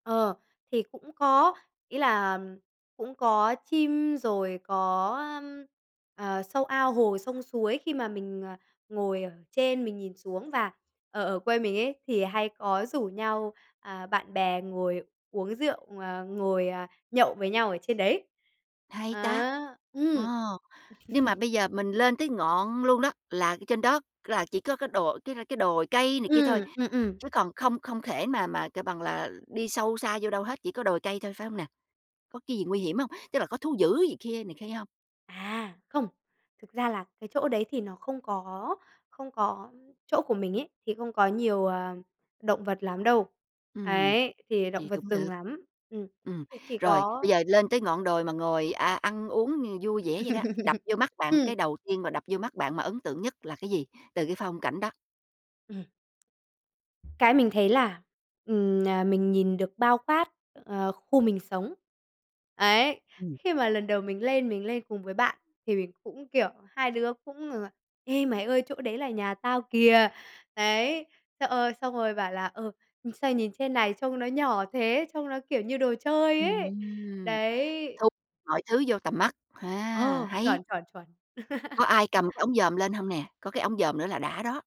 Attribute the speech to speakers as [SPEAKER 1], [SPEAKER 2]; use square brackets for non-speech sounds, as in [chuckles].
[SPEAKER 1] Ờ, thì cũng có, ý là cũng có chim rồi có, ơ, ờ, sâu ao hồ, sông suối. Khi mà mình, ờ, ngồi ở trên mình nhìn xuống và ở ở quê mình ấy thì hay có rủ nhau, à, bạn bè ngồi uống rượu, à, ngồi, ờ, nhậu với nhau ở trên đấy.
[SPEAKER 2] Hay ta!
[SPEAKER 1] À, ừm.
[SPEAKER 2] Ồ, nhưng mà
[SPEAKER 1] [chuckles]
[SPEAKER 2] bây giờ mình lên tới ngọn luôn đó, là ở trên đó là chỉ có cái đồ cái cái đồi cây này kia thôi,
[SPEAKER 1] Ừm, ừm, ừm.
[SPEAKER 2] chứ còn không không thể mà mà, kêu bằng là, đi sâu xa vô đâu hết, chỉ có đồi cây thôi, phải hông nè? Có cái gì nguy hiểm hông? Tức là có thú dữ gì kia, này kia hông?
[SPEAKER 1] À, không, thực ra là cái chỗ đấy thì nó không có không có, ơ chỗ của mình ấy thì không có nhiều, ờ, động vật lắm đâu,
[SPEAKER 2] Ừm,
[SPEAKER 1] ấy, thì động
[SPEAKER 2] vậy
[SPEAKER 1] vật
[SPEAKER 2] cũng được.
[SPEAKER 1] rừng lắm. Ừm,
[SPEAKER 2] Ừm,
[SPEAKER 1] thì chỉ
[SPEAKER 2] rồi,
[SPEAKER 1] có
[SPEAKER 2] bây giờ lên tới ngọn đồi mà ngồi, a, ăn uống, ừ, vui vẻ vậy đó, đập
[SPEAKER 1] [laughs]
[SPEAKER 2] vô mắt bạn cái
[SPEAKER 1] Ừm.
[SPEAKER 2] đầu tiên mà đập vô mắt bạn mà ấn tượng nhất là cái gì từ cái phong cảnh đó?
[SPEAKER 1] Ừm. Cái mình thấy là, ừm, à, mình nhìn được bao quát, ờ, khu mình sống. Ấy,
[SPEAKER 2] Ừm.
[SPEAKER 1] khi mà lần đầu mình lên mình lên cùng với bạn thì mình cũng, kiểu hai đứa cũng rằng là "Ê, mày ơi chỗ đấy là nhà tao kìa!" Đấy, thế, ơ, xong rồi bảo là "Ừ, sao nhìn trên này trông nó nhỏ thế, trông nó, kiểu, như đồ chơi ấy."
[SPEAKER 2] Ừm,
[SPEAKER 1] Đấy.
[SPEAKER 2] thu mọi thứ vô tầm mắt, a,
[SPEAKER 1] Ờ,
[SPEAKER 2] hay!
[SPEAKER 1] chuẩn, chuẩn, chuẩn.
[SPEAKER 2] Có
[SPEAKER 1] [chuckles]
[SPEAKER 2] ai cầm cái ống dòm lên hông nè? Có cái ống dòm nữa là đã đó.